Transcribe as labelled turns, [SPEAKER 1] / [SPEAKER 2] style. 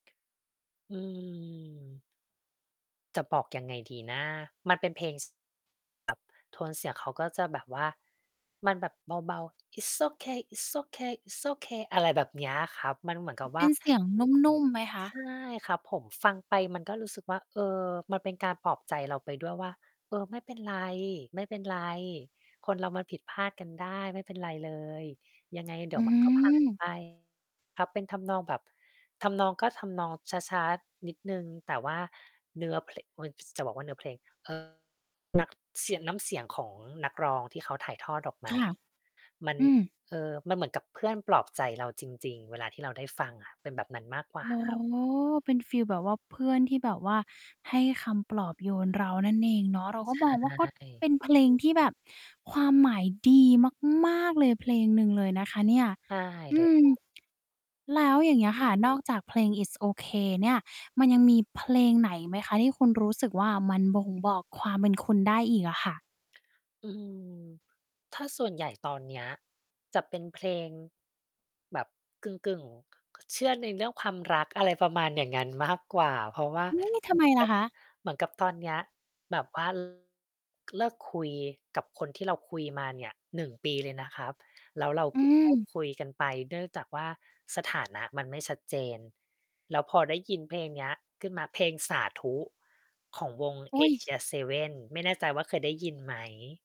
[SPEAKER 1] อืม จะบอกยังไงดีนะ มันเป็นเพลง ส แบบ โทนเสียงเขาก็จะแบบว่า มันแบบเบา ๆ "It's ok It's ok It's ok" อะไรแบบเนี้ยครับ มันเหมือนกับว
[SPEAKER 2] เป
[SPEAKER 1] ่
[SPEAKER 2] ็
[SPEAKER 1] า
[SPEAKER 2] นเสียงนุ่ม ๆ ไหมคะ?
[SPEAKER 1] ใช่ครับผม ฟังไปมันก็รู้สึกว่า เออ มันเป็นการปลอบใจเราไปด้วยว่า เออ ไม่เป็นไร ไม่เป็นไร คนเรามันผิดพลาดกันได้ ไม่เป็นไรเลย ยังไงเดี
[SPEAKER 2] อ
[SPEAKER 1] ๋
[SPEAKER 2] ื
[SPEAKER 1] ยว มันก็ผ่าน
[SPEAKER 2] ม
[SPEAKER 1] ไป ครับ เป็นทำนองแบบ ทำนอง ก็ทำนองช้า ๆ นิดหนึ่ง แต่ว่าเนื้อ เพละ อุ๊ย ส จะบอกว่าเนื้อเพลง เอ่อ นัก เสียะ น้ำเสียงของนักร้องที่เขาถ่ายทอดออกม
[SPEAKER 2] ค
[SPEAKER 1] า
[SPEAKER 2] ่ะ
[SPEAKER 1] มัน
[SPEAKER 2] อืม
[SPEAKER 1] เอ่อ มันเหมือนกับเพื่อนปลอบใจเราจริง ๆ เวลาที่เราได้ฟังอะ เป็นแบบนั้นมากกว
[SPEAKER 2] อ
[SPEAKER 1] ่า
[SPEAKER 2] ๋อ
[SPEAKER 1] ครับ
[SPEAKER 2] เป็นฟีลแบบว่าเพื่อนที่แบบว่าให้คำปลอบโยนเรานั่นเองเนาะ เราก็
[SPEAKER 1] ใช
[SPEAKER 2] มองว่า ก็เป
[SPEAKER 1] ่
[SPEAKER 2] ็นเพลงที่แบบความหมายดีมาก ๆ เลย เพลงหนึ่งเลยนะคะเนี่ย
[SPEAKER 1] ใช่
[SPEAKER 2] อ
[SPEAKER 1] เล
[SPEAKER 2] ื
[SPEAKER 1] ย
[SPEAKER 2] ม
[SPEAKER 1] ครับ
[SPEAKER 2] แล้วอย่างเงี้ยค่ะ นอกจากเพลง "It's ok" เนี่ย มันยังมีเพลงไหนไหมคะ? ที่คุณรู้สึกว่า มันบ่งบอกความเป็นคุณได้อีกอะค่ะ
[SPEAKER 1] อืม ถ้าส่วนใหญ่ ตอนเนี้ย จะเป็นเพลง แบบกึ่ง ๆ เชื่อในเรื่องความรัก อะไรประมาณอย่างงั้นมากกว่า เพราะว่า
[SPEAKER 2] อือ ทำ
[SPEAKER 1] เ
[SPEAKER 2] ไ
[SPEAKER 1] ห
[SPEAKER 2] ม
[SPEAKER 1] มือน
[SPEAKER 2] ล
[SPEAKER 1] ก
[SPEAKER 2] ่ะ
[SPEAKER 1] ับ
[SPEAKER 2] คะ?
[SPEAKER 1] เหมือนกับตอนเนี้ยแบบ ว่า เลิกคุยกับคนที่เราคุยมาเนี่ย 1 ปีเลยนะครับ แล้วเรา
[SPEAKER 2] อ
[SPEAKER 1] เ
[SPEAKER 2] ื
[SPEAKER 1] พิ่งเลิก
[SPEAKER 2] ม
[SPEAKER 1] คุยกันไป เนื่องจากว่า สถานะ มันไม่ชัดเจน แล้วพอได้ยินเพลงเนี้ยขึ้นมา เพลง "สาธุ" ของวง
[SPEAKER 2] อุ๊ย
[SPEAKER 1] ASIA7 ไม่แน่ใจว่าเคยได้ยินไหม?